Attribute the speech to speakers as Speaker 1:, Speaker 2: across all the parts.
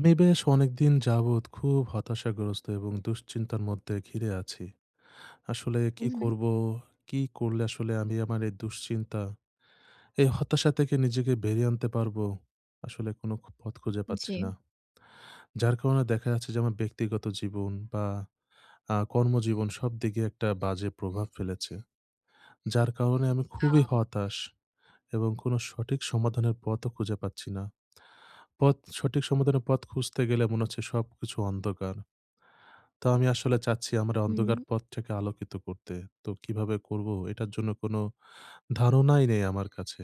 Speaker 1: আমি বেশ অনেক দিন যাবত খুব হতাশাগ্রস্ত, এবং দুশ্চিন্তার মধ্যে ঘিরে আছি। আসলে কি
Speaker 2: হুম, হুম।
Speaker 1: করবো, কি করলে আসলে আমি আমার এই দুশ্চিন্তা, এই হতাশা থেকে নিজেকে বেরিয়ে আনতে পারবো। আসলে কোন খ পথ খুঁজে পাচ্ছি
Speaker 2: জি।
Speaker 1: না। যার কারণে দেখা যাচ্ছে, যে আমার ব্যক্তিগত জীবন, বা আ কর্মজীবন সবদিকে একটা বাজে প্রভাব ফেলেছে। যার কারণে আমি খুবই
Speaker 2: আচ্ছা।
Speaker 1: হতাশ, এবং কোন সঠিক সমাধানের পথও খুঁজে পাচ্ছি না। পথ সঠিক সমাধানের পথ খুঁজতে গেলে, মনে হচ্ছে সবকিছু অন্ধকার। তো আমি আসলে চাচ্ছি আমার
Speaker 2: হুম।
Speaker 1: অন্ধকার পথটাকে আলোকিত করতে। তো কিভাবে করব, এটার জন্য কোন ধারণাই নেই আমার কাছে।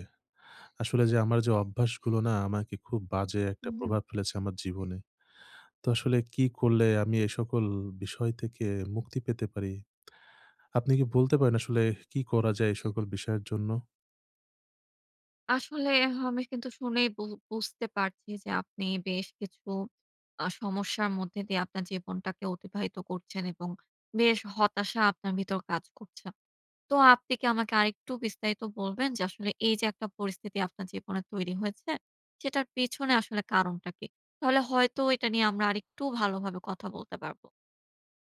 Speaker 1: আসলে যে আমার যে অভ্যাসগুলো না আমাকে খুব বাজে
Speaker 2: উ
Speaker 1: একটা
Speaker 2: হুম।
Speaker 1: প্রভাব ফেলেছে, আমার জীবনে। তো আসলে কি করলে আমি এ সকল বিষয় থেকে মুক্তি পেতে পারি? আপনি কি বলতে পারেন, আসলে কি করা যায়, এই সকল বিষয়ের জন্য?
Speaker 2: আসলে আমি কিন্তু শুনেই বু বুঝতে পারছি যে, আপনি বেশ কিছু আ সমস্যার মধ্যে দিয়ে আপনার জীবনটাকে অতিবাহিত করছেন, এবং বেশ হতাশা আপনার ভিতর কাজ করছে। তো আপনি কি আমাকে আরেকটু বিস্তারিত বলবেন, যে আসলে এই যে একটা পরিস্থিতি আপনার জীবনে তৈরি হয়েছে, সেটার পেছনে আসলে কারণটা কি? তাহলে হয়তো এটা নিয়ে আমরা আরেকটু ভালোভাবে কথা বলতে পারব।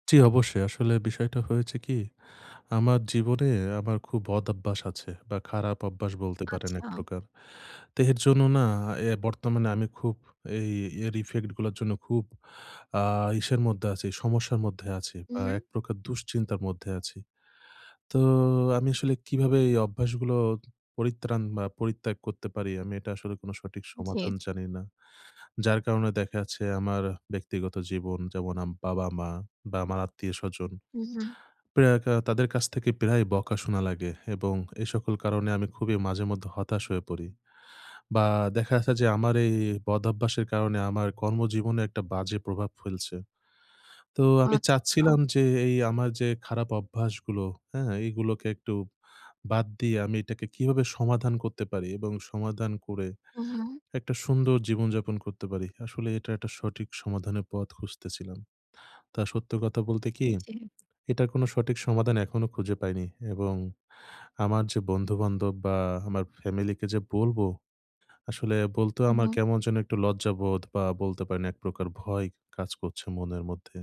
Speaker 1: জী, অবশ্যই। আসলে বিষয়টা হয়েছে কি? আমার জীবনে আমার খুব বদঅভ্যাস আছে, বা খারাপ অভ্যাস বলতে পারেন
Speaker 2: আচ্ছা।
Speaker 1: একপ্রকার। দেহের জন্য না, অ্যা বর্তমানে আমি খুব অ্যা ইয়ের ইফেক্ট গুলোর জন্য খুব আ ইসের মধ্যে আছি, সমস্যার মধ্যে আছি,
Speaker 2: উ
Speaker 1: বা
Speaker 2: হুম।
Speaker 1: একপ্রকার দুশ্চিন্তার মধ্যে আছি। তো আমি আসলে কিভাবে এই অভ্যাসগুলো পরিত্রাণ, বা পরিত্যাগ করতে পারি, আমি এটা আসলে কোন সঠিক
Speaker 2: জী।
Speaker 1: সমাধান জানি না। যার কারণে দেখা আছে, আমার ব্যক্তিগত জীবন যেমন আমার বাবা-মা, বা আমার আত্মীয়স্বজন।
Speaker 2: উ হুম।
Speaker 1: প্রায় কা তাদের কাছ থেকে প্রায় বকা শোনা লাগে, এবং এই সকল কারণে আমি খুবই মাঝে মধ্যে হতাশ হয়ে পড়ি, বা দেখা গেছে যে, আমার এই, এই বদভ্যাসের কারণে আমার কর্মজীবনে একটা বাজে প্রভাব ফেলছে। তো আমি
Speaker 2: আচ্ছা।
Speaker 1: চাচ্ছিলাম, যে এই আমার যে খারাপ অভ্যাসগুলো, হ্যাঁ? এগুলোকে একটু বাদ দিয়ে, আমি এটাকে কিভাবে সমাধান করতে পারি, এবং সমাধান করে
Speaker 2: উ হুম।
Speaker 1: একটা সুন্দর জীবন যাপন করতে পারি। আসলে এটি একটা সঠিক সমাধানের পথ খুঁজতেছিলাম। তা সত্য কথা বলতে কি?
Speaker 2: জী।
Speaker 1: এটার কোন সঠিক সমাধান এখনো খুঁজে পাইনি, এবং আমার যে বন্ধু-বান্ধব, বা আমার ফ্যামিলিকে যে বলবো, আসলে বলতে
Speaker 2: উ
Speaker 1: আমার
Speaker 2: হুম।
Speaker 1: কেমন যেন একটু লজ্জাবোধ, বা বলতে পারি না, একপ্রকার ভয় কাজ করছে মনের মধ্যে।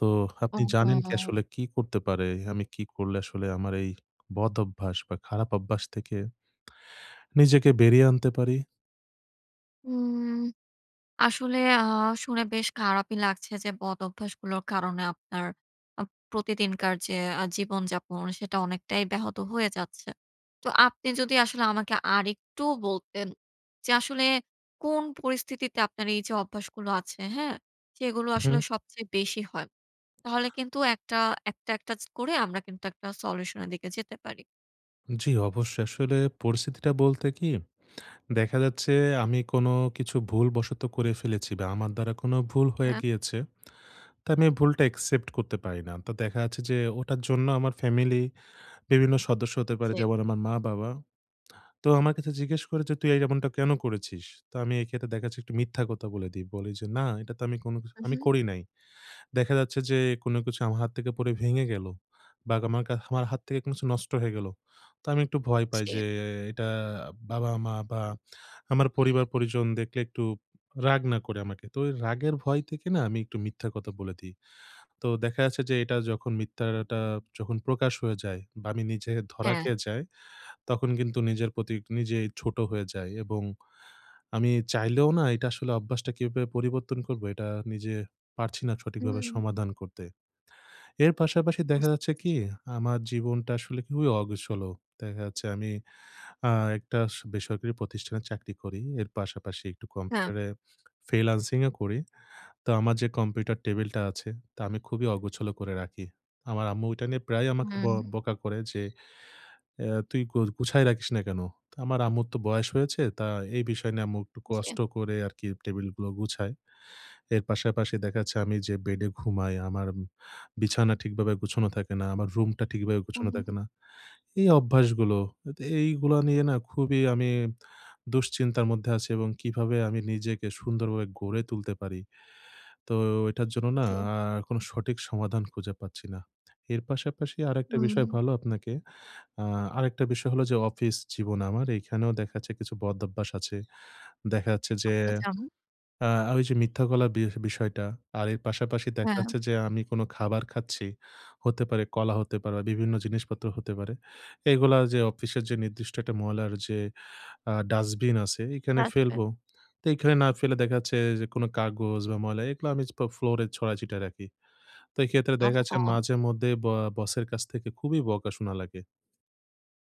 Speaker 1: তো আপনি জানেন কি
Speaker 2: ওহহো!
Speaker 1: আসলে কী করতে পারে? আমি কী করলে আসলে আমার এই বদঅভ্যাস, বা খারাপ অভ্যাস থেকে নিজেকে বেরিয়ে আনতে পারি?
Speaker 2: উম আসলে আ শুনে বেশ খারাপই লাগছে যে বদঅভ্যাসগুলোর কারণে আপনার আ প্রতিদিনকার যে আ জীবনযাপন, সেটা অনেকটাই ব্যাহত হয়ে যাচ্ছে। তো আপনি যদি আসলে আমাকে আরেকটু বলতেন যে আসলে কোন পরিস্থিতিতে আপনার এইযে অভ্যাসগুলো আছে হ্যাঁ, সেগুলো আসলে
Speaker 1: উহুম।
Speaker 2: সবচেয়ে বেশি হয়। তাহলে কিন্তু একটা একটা, একটা করে আমরা কিন্তু একটা সলিউশনের দিকে যেতে পারি।
Speaker 1: জি, অবশ্যই। আসলে পরিস্থিতিটা বলতে কি? দেখা যাচ্ছে আমি কোন কিছু ভুলবশত করে ফেলেছি বা, আমার দ্বারা কোন ভুল হয়ে
Speaker 2: হ্যাঁ।
Speaker 1: গিয়েছে। তো আমি এই ভুলটা accept করতে পারি না। তো দেখা যাচ্ছে যে ওটার জন্য আমার ফ্যামিলি বিভিন্ন সদস্য হতে
Speaker 2: হু,
Speaker 1: পারে
Speaker 2: জি।
Speaker 1: যেমন: আমার মা-বাবা। তো আমার কাছে জিজ্ঞেস করে যে, "তুই এই এমনটা কেন করেছিস?" তো আমি এক্ষেত্রে দেখা যাচ্ছে একটু মিথ্যা কথা বলে দিই। বলি যে, "না, এটা তো আমি কোন কিছ আমি
Speaker 2: উহুম।
Speaker 1: করি নাই।" দেখা যাচ্ছে যে কোন কিছু আমার হাত থেকে পড়ে ভেঙে গেল। বা, আমার কা আমার হাত থেকে কিছু নষ্ট হয়ে গেলো। তা আমি একটু ভয় পাই
Speaker 2: জি।
Speaker 1: যে, এটা বাবা-মা বা, আমার পরিবার পরিজন দেখলে একটু রাগ না করে আমাকে। তো ঐ রাগের ভয় থেকে না, আমি একটু মিথ্যা কথা বলে দেই। তো দেখা যাচ্ছে যে এটা যখন মিথ্যাটা যখন প্রকাশ হয়ে যায় বা, আমি নিজে ধরা
Speaker 2: হ্যাঁ।
Speaker 1: খেয়ে যাই, তখন কিন্তু নিজের প্রতি নিজেই ছোট হয়ে যাই এবং আমি চাইলেও না এটা আসলে অভ্যাসটা কিভাবে পরিবর্তন করবো, এটা নিজে পারছি না সঠিকভাবে
Speaker 2: হুম।
Speaker 1: সমাধান করতে। এর পাশাপাশি দেখা
Speaker 2: বুঝতে
Speaker 1: যাচ্ছে
Speaker 2: পারছি।
Speaker 1: কি? আমার জীবনটা আসলে খুবই অগোছলো। দেখা যাচ্ছে আমি আ একটা স বেসরকারি প্রতিষ্ঠানের চাকরি করি। এর পাশাপাশি একটু
Speaker 2: হ্যাঁ।
Speaker 1: কম্পিউটারে ফ্রিল্যান্সিংও করি। তো আমার যে কম্পিউটার টেবিলটা আছে, তা আমি খুবই অগোছল করে রাখি। আমার আম্মু ঐটা নিয়ে প্রায়ই আমাকে ব্য
Speaker 2: হুম।
Speaker 1: বকা করে যে, "আ তুই গু গুছায় রাখিস না কেন?" ত আমার আম্মুর তো বয়স হয়েছে, তা এই বিষয় নিয়ে আম্মু একটু কষ্ট
Speaker 2: জি।
Speaker 1: করে আরকি টেবিলগুলো গুছায়। এর পাশাপাশি দেখা যাচ্ছে আমি যে বেডে ঘুমাই, আমার বিছানা ঠিকভাবে গুছানো থাকে না। আমার রুমটা ঠিকভাবে গুছানো
Speaker 2: ওহ।
Speaker 1: থাকে না। এই অভ্যাসগুলো আত এইগুলো নিয়ে না, খুবই আমি দুশ্চিন্তার মধ্যে আছি এবং কিভাবে আমি নিজেকে সুন্দরভাবে গড়ে তুলতে পারি? তো এটার জন্য না,
Speaker 2: জি।
Speaker 1: আ কোন সঠিক সমাধান খুঁজে পাচ্ছি না। এর পাশাপাশি আরেকটা বিষয়
Speaker 2: হুম।
Speaker 1: ভালো আপনাকে আ আরেকটা বিষয় হলো যে অফিস জীবন আমার। এখানেও দেখা যাচ্ছে কিছু বদভ্যাস আছে। দেখা যাচ্ছে যে
Speaker 2: আচ্ছা, আচ্ছা।
Speaker 1: আ ঐযে মিথ্যা বলার বি বিষয়টা। আর এর পাশাপাশি দেখা
Speaker 2: হ্যাঁ।
Speaker 1: যাচ্ছে যে আমি কোন খাবার খাচ্ছি, হতে পারে, কলা হতে পারে বা, বিভিন্ন জিনিসপত্র হতে পারে। এগুলা যে অফিসের যে নির্দিষ্ট একটা ময়লার যে আ ডাস্টবিন আছে, এখানে
Speaker 2: আসবে।
Speaker 1: ফেলবো। তো এখানে না ফেলে দেখা যাচ্ছে যে কোন কাগজ বা, ময়লা এগুলো আমি পা ফ্লো ফ্লোরে ছড়াই ছিটায় রাখি। তো এইক্ষেত্রে দেখা যাচ্ছে
Speaker 2: অহহো।
Speaker 1: মাঝেমধ্যে ব্য বসের কাছ থেকে খুবই বকা শোনা লাগে।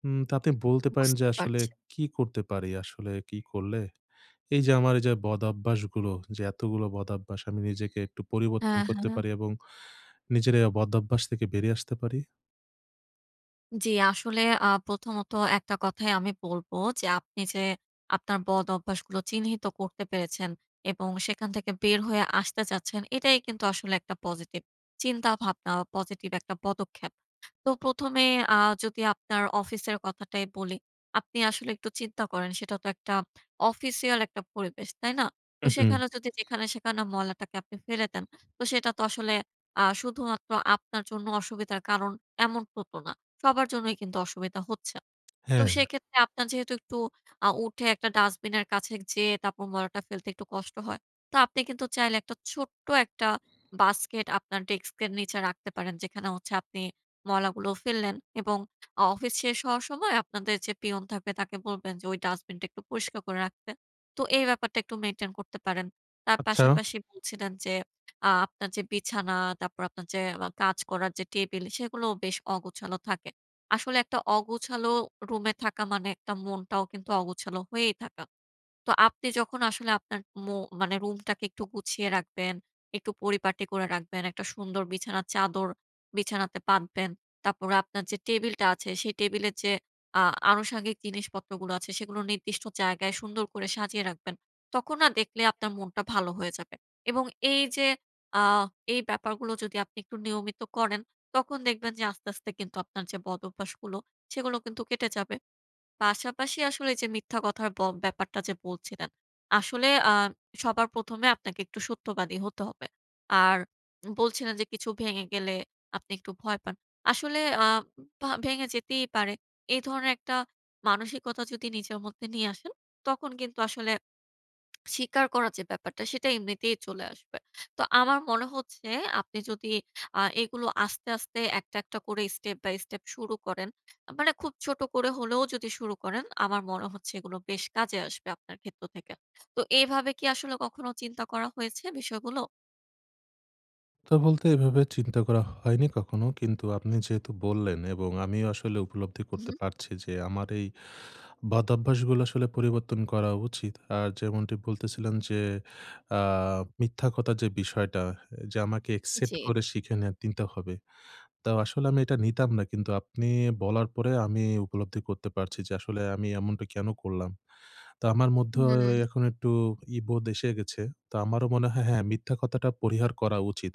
Speaker 1: উম তাতে বলতে পারেন যে
Speaker 2: বুঝতে
Speaker 1: আসলে
Speaker 2: পারছি।
Speaker 1: কি করতে পারি? আসলে কি করলে এইযে আমার এইযে বদভ্যাসগুলো যে এতগুলো বদভ্যাস, আমি নিজেকে একটু পরিবর্তন
Speaker 2: হ্যাঁ,
Speaker 1: করতে
Speaker 2: হ্যাঁ।
Speaker 1: পারি এবং নিজের এই বদভ্যাস থেকে বেরিয়ে আসতে পারি?
Speaker 2: জ্বী। আসলে, আ প্রথমত একটা কথাই আমি বলবো যে, আপনি যে আপনার বদঅভ্যাসগুলো চিহ্নিত করতে পেরেছেন এবং সেখান থেকে বের হয়ে আসতে চাচ্ছেন, এটাই কিন্তু আসলে একটা পজিটিভ চিন্তাভাবনা বা, পজিটিভ একটা পদক্ষেপ। তো ১ম এ আ যদি আপনার অফিসের কথাটাই বলি। আপনি আসলে একটু চিন্তা করেন, সেটা তো একটা অফিসিয়াল একটা পরিবেশ। তাই না? তো
Speaker 1: হু, হু।
Speaker 2: সেখানে যদি যেখানে সেখানে ময়লাটাকে আপনি ফেলে দেন, তো সেটা তো আসলে আ শুধুমাত্র আপনার জন্য অসুবিধার কারণ, এমন ত তো না। সবার জন্যই কিন্তু অসুবিধা হচ্ছে। তো
Speaker 1: হ্যাঁ।
Speaker 2: সেক্ষেত্রে, আপনার যেহেতু একটু আ উঠে একটা ডাস্টবিনের কাছে যেয়ে তারপর মলাটা ফেলতে একটু কষ্ট হয়। তো আপনি কিন্তু চাইলে একটা ছোট্ট একটা বাস্কেট আপনার ডেস্কের নিচে রাখতে পারেন, যেখানে হচ্ছে আপনি ময়লাগুলো ফেললেন। এবং আ অফিস শেষ হওয়ার সময়, আপনাদের যে পিয়ন থাকবে, তাকে বলবেন যে, ওই ডাস্টবিনটা একটু পরিষ্কার করে রাখতে। তো, এই ব্যাপারটা একটু মেইনটেইন করতে পারেন। তার
Speaker 1: আচ্ছা।
Speaker 2: পাশাপাশি বলছিলেন যে আ আপনার যে বিছানা, তারপর আপনার যে আ কাজ করার যে টেবিল, সেগুলোও বেশ অগোছালো থাকে। আসলে, একটা অগোছালো রুমে থাকা মানে, একটা মনটাও কিন্তু অগোছালো হয়েই থাকা। তো, আপনি যখন আসলে আপনার ম মানে রুমটাকে একটু গুছিয়ে রাখবেন, একটু পরিপাটি করে রাখবেন, একটা সুন্দর বিছানার চাদর বিছানাতে পাতবেন। তারপরে, আপনার যে টেবিলটা আছে, সেই টেবিলের যে আ আনুষঙ্গিক জিনিসপত্রগুলো আছে, সেগুলো নির্দিষ্ট জায়গায় সুন্দর করে সাজিয়ে রাখবেন। তখন না, দেখলে আপনার মনটা ভালো হয়ে যাবে। এবং এইযে আ এই ব্যাপারগুলো যদি আপনি একটু নিয়মিত করেন, তখন দেখবেন যে, আস্তে, আস্তে কিন্তু আপনার যে বদভ্যাসগুলো, সেগুলো কিন্তু কেটে যাবে। পাশাপাশি আসলে যে, মিথ্যা কথার ব ব্যাপারটা যে বলছিলেন। আসলে, আ সবার ১ম এ আপনাকে একটু সত্যবাদী হতে হবে। আর, বলছিলেন যে, কিছু ভেঙে গেলে আপনি একটু ভয় পান। আসলে আ ভা ভেঙে যেতেই পারে। এই ধরনের একটা মানসিকতা যদি নিজের মধ্যে নিয়ে আসেন, তখন কিন্তু আসলে স্বীকার করার যে ব্যাপারটা, সেটা এমনিতেই চলে আসবে। তো, আমার মনে হচ্ছে, আপনি যদি আ এগুলো আস্তে, আস্তে একটা, একটা করে step by step শুরু করেন, আ মানে খুব ছোট করে হলেও যদি শুরু করেন, আমার মনে হচ্ছে, এগুলো বেশ কাজে আসবে আপনার ক্ষেত্র থেকে। তো এভাবে কি আসলে কখনো চিন্তা করা হয়েছে বিষয়গুলো?
Speaker 1: তো বলতে, এভাবে চিন্তা করা হয়নি কখনো। কিন্তু আপনি যেহেতু বললেন, এবং আমি আসলে উপলব্ধি
Speaker 2: উ
Speaker 1: করতে
Speaker 2: হুম।
Speaker 1: পারছি যে, আমার এই বদভ্যাসগুলো আসলে পরিবর্তন করা উচিত। আর যেমনটি বলতেছিলেন যে, আ মিথ্যা কথার যে বিষয়টা, এ যে আমাকে অ্যাকসেপ্ট
Speaker 2: জি।
Speaker 1: করে শিখে নিয়া তিন্তে হবে। তাও আসলে আমি এটা নিতাম না। কিন্তু আপনি বলার পরে, আমি উপলব্ধি করতে পারছি। যে, আসলে আমি এমনটা কেন করলাম? তো আমার মধ্যে
Speaker 2: হুম।
Speaker 1: এখন একটু ই বোধ এসে গেছে। তো আমারও মনে হয়, হ্যাঁ, মিথ্যা কথাটা পরিহার করা উচিত।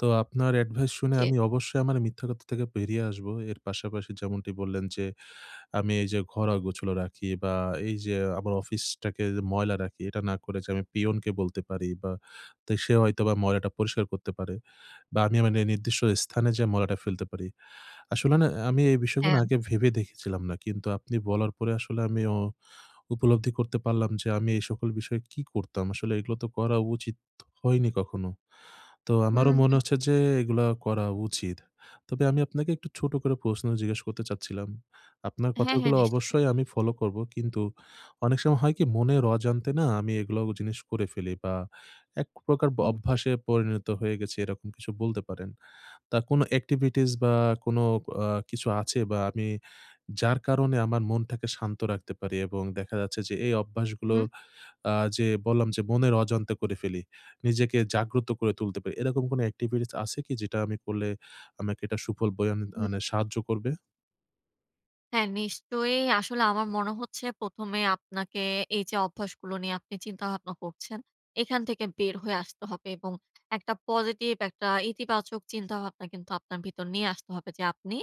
Speaker 1: তো আপনার অ্যাডভাইস শুনে
Speaker 2: জি।
Speaker 1: আমি অবশ্যই আমার মিথ্যা কথা থেকে বেরিয়ে আসবো। এর পাশাপাশি যেমনটি বললেন যে, আমি এই যে ঘর আগোছালো রাখি, বা এই যে, আমার অফিসটাকে ময়লা রাখি, এটা না করে আমি পিয়নকে বলতে পারি, বা তে সে হয়তোবা ময়লাটা পরিষ্কার করতে পারে, বা আমি নি নির্দিষ্ট স্থানে যেয়ে ময়লাটা ফেলতে পারি। আসলে না? আমি এই বিষয়গুলো না
Speaker 2: হ্যাঁ।
Speaker 1: আগে ভেবে দেখেছিলাম না। কিন্তু আপনি বলার পরে আসলে আমি অ উপলব্ধি করতে পারলাম যে, আমি এই সকল বিষয়ে কি করতাম? আসলে এগুলো তো করা উচিত হয়নি কখনো। তো
Speaker 2: হু,
Speaker 1: আমারও মনে
Speaker 2: হুম।
Speaker 1: হচ্ছে যে এগুলা করা উচিত। তবে আমি আপনাকে একটু ছোট করে প্রশ্ন জিজ্ঞাসা করতে চাচ্ছিলাম। আপনার
Speaker 2: হ্যাঁ, হ্যাঁ,
Speaker 1: কথাগুলো
Speaker 2: নিশ্চয়।
Speaker 1: অবশ্যই আমি ফলো করবো। কিন্তু অনেক সময় হয় কি? মনের অজানতে না? আমি এগুলো জিনিস করে ফেলি, বা একপ্রকার ব
Speaker 2: উম জি।
Speaker 1: অভ্যাসে পরিণত হয়ে গেছি, এরকম কিছু বলতে পারেন। তা আর কোন এক্টিভিটিস বা কোন আ কিছু আছে বা আমি যার কারণে, আমার মনটাকে শান্ত রাখতে পারি? এবং দেখা যাচ্ছে, যে, এই
Speaker 2: হু,
Speaker 1: অভ্যাসগুলো
Speaker 2: হুম।
Speaker 1: আ যে বললাম যে, মনের অজান্তে করে ফেলি। নিজেকে জাগ্রত করে তুলতে পারি। এরকম কোনো এক্টিভিটিস আছে কি, যেটা আমি করলে আমাকে এটা সুফল বয়ে
Speaker 2: হু।
Speaker 1: মানে, সাহায্য করবে?
Speaker 2: হ্যাঁ, নিশ্চয়ই আসলে আমার মনে হচ্ছে, ১ম এ আপনাকে এই যে অভ্যাসগুলো নিয়ে আপনি চিন্তাভাবনা করছেন, এখান থেকে বের হয়ে আসতে হবে, এবং একটা পজিটিভ, একটা ইতিবাচক চিন্তাভাবনা কিন্তু আপনার ভিতর নিয়ে আসতে হবে। যে আপনি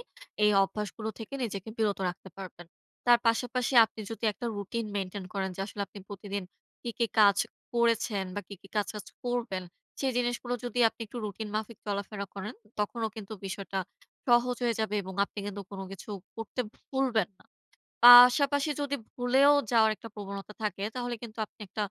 Speaker 2: এই অভ্যাসগুলো থেকে নিজেকে বিরত রাখতে পারবেন। তার পাশাপাশি আপনি যদি একটা রুটিন মেইনটেইন করেন, যে আসলে আপনি প্রতিদিন কী, কী কাজ করেছেন, বা কি, কি কাজ আজ করবেন। সেই জিনিসগুলো যদি আপনি একটু রুটিন মাফিক চলাফেরা করেন, তখনও কিন্তু বিষয়টা সহজ হয়ে যাবে, এবং আপনি কিন্তু কোন কিছু করতে ভুলবেন না। পাশাপাশি যদি ভুলেও যাওয়ার একটা প্রবণতা থাকে, তাহলে কিন্তু আপনি একটা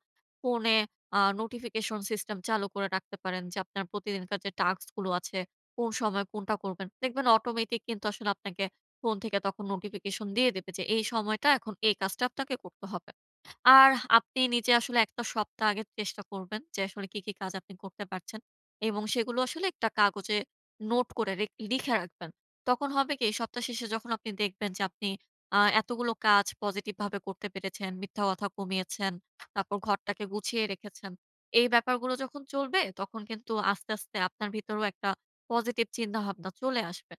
Speaker 2: ফোনে আ নোটিফিকেশন সিস্টেম চালু করে রাখতে পারেন, যে আপনার প্রতিদিনকার যে টাস্কগুলো আছে, কোন সময় কোনটা করবেন। দেখবেন অটোমেটিক কিন্তু আসলে আপনাকে ফোন থেকে তখন নোটিফিকেশন দিয়ে দেবে, যে এই সময়টা এখন এই কাজটা আপনাকে করতে হবে। আর আপনি নিজে আসলে একটা সপ্তাহ আগে চেষ্টা করবেন যে, আসলে কী, কী কাজ আপনি করতে পারছেন। এবং সেগুলো আসলে একটা কাগজে নোট করে রেখ লিখে রাখবেন। তখন হবে কি? এই সপ্তাহ শেষে যখন আপনি দেখবেন যে আপনি আ এতগুলো কাজ পজিটিভভাবে করতে পেরেছেন, মিথ্যা কথা কমিয়েছেন, তারপর ঘরটাকে গুছিয়ে রেখেছেন। এই ব্যাপারগুলো যখন চলবে তখন কিন্তু আস্তে, আস্তে আপনার ভিতরও একটা পজিটিভ চিন্তাভাবনা চলে আসবে।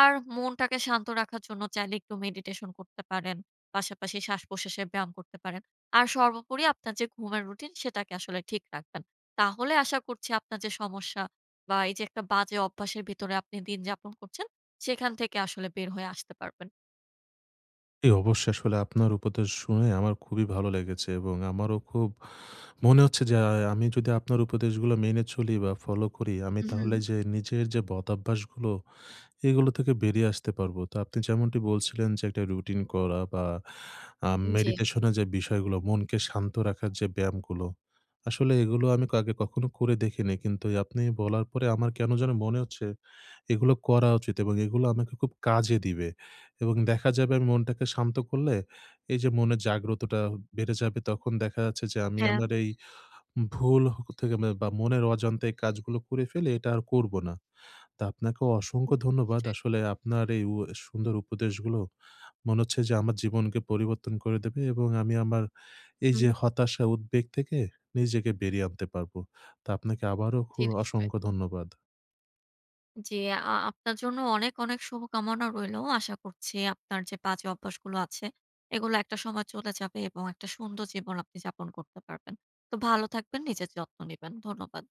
Speaker 2: আর মনটাকে শান্ত রাখার জন্য চাইলে একটু মেডিটেশন করতে পারেন, পাশাপাশি শ্বাসপ্রশ্বাসের ব্যায়াম করতে পারেন। আর সর্বোপরি আপনার যে ঘুমের রুটিন, সেটাকে আসলে ঠিক রাখবেন। তাহলে আশা করছি আপনার যে সমস্যা, বা এই যে একটা বাজে অভ্যাসের ভিতরে আপনি দিনযাপন করছেন, সেখান থেকে আসলে বের হয়ে আসতে পারবেন।
Speaker 1: ই অবশ্য, আসলে আপনার উপদেশ শুনে আমার খুবই ভালো লেগেছে এবং আমারও খুব মনে হচ্ছে যে আ আমি যদি আপনার উপদেশগুলো মেনে চলি বা, ফলো করি, আমি তাহলে
Speaker 2: উহুম।
Speaker 1: যে নিজের যে বদভ্যাসগুলো, এগুলো থেকে বেরিয়ে আসতে পারবো। তো আপনি যেমনটি বলছিলেন যে একটা রুটিন করা বা, আ
Speaker 2: জী।
Speaker 1: মেডিটেশনের যে বিষয়গুলো, মনকে শান্ত রাখার যে ব্যায়ামগুলো, আসলে এগুলো আমি আগে কখনো করে দেখিনি। কিন্তু এই আপনি বলার পরে আমার কেন জানি মনে হচ্ছে এগুলো করা উচিত এবং এগুলো আমাকে খুব কাজে দিবে এবং দেখা যাবে আমি মনটাকে শান্ত করলে এইযে মনের জাগ্রতটা বেড়ে যাবে। তখন দেখা যাচ্ছে যে আমি
Speaker 2: হ্যাঁ।
Speaker 1: আমার এই ভুল হ থেকে বা, মনের অজান্তে এই কাজগুলো করে ফেলে, এটা আর করবো না। তো আপনাকেও
Speaker 2: হু।
Speaker 1: অসংখ্য ধন্যবাদ।
Speaker 2: নিশ্চয়ই।
Speaker 1: আসলে আপনার এই উ এ সুন্দর উপদেশগুলো মনে হচ্ছে যে আমার জীবনকে পরিবর্তন করে দেবে এবং আমি আমার এইযে
Speaker 2: উহুম।
Speaker 1: হতাশা, উদ্বেগ থেকে নিজেকে বেরিয়ে আনতে পারবো। তো আপনাকে আবারও খু
Speaker 2: জী, নিশ্চয়ই।
Speaker 1: অসংখ্য ধন্যবাদ।
Speaker 2: জী, আ আপনার জন্য অনেক, অনেক শুভকামনা রইলো। আশা করছি আপনার যে বাজে অভ্যাসগুলো আছে, এগুলো একটা সময় চলে যাবে এবং একটা সুন্দর জীবন আপনি যাপন করতে পারবেন। তো ভালো থাকবেন, নিজের যত্ন নিবেন। ধন্যবাদ।